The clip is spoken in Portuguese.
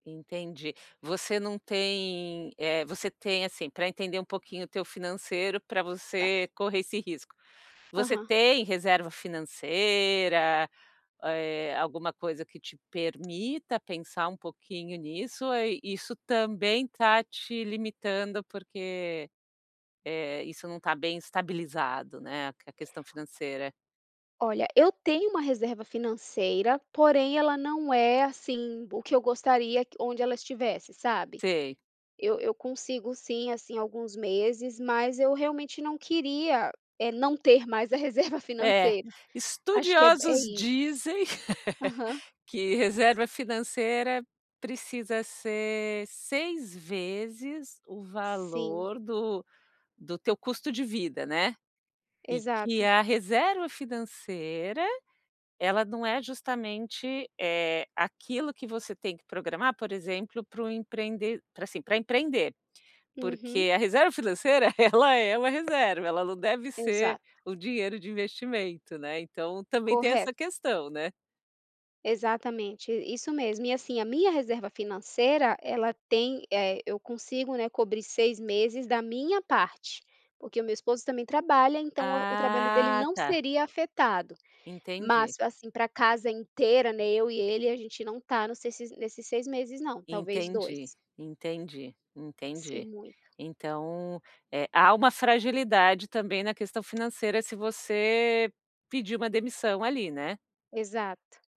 Entendi. Você não tem eh, você tem, assim, pra entender um pouquinho o teu financeiro pra Tá. você correr esse risco. Você Aham. tem reserva financeira, eh, alguma coisa que te permita pensar um pouquinho nisso? Ou, eh, isso também tá te limitando, porque, eh, isso não tá bem estabilizado, né, a questão financeira? Olha, eu tenho uma reserva financeira, porém ela não é, assim, o que eu gostaria onde ela estivesse, sabe? Sei. Eu eu consigo sim, assim, alguns meses mas eu realmente não queria, eh, não ter mais a reserva É, financeira. Acho que é ba é estudiosos isso. dizem, Aham. que reserva financeira precisa ser 6 vezes o Sim. valor do do teu custo de vida, né? E que Exato. a reserva financeira, ela não é justamente, eh, aquilo que você tem que programar por exemplo, para o empreende pra, assim, para empreender. Uhum. Porque a reserva financeira ela é uma reserva, ela não deve ser Exato. o dinheiro de investimento, né, então, também tem essa Correto. questão, né? Exatamente, i isso mesmo e, assim, a minha reserva financeira ela tem eh, eu consigo né cobrir 6 meses da minha parte, porque o meu esposo também trabalha, então, o trabalho dele Ah, não tá. seria afetado. Entendi. Mas, assim, pra casa inteira né, eu e ele a gente não tá nesses nesses 6 meses não, talvez 2. Entendi, entendi, Se entendi. muito Então, eh, há uma fragilidade, também, na questão financeira se você, pedir uma demissão, ali, né? Exato.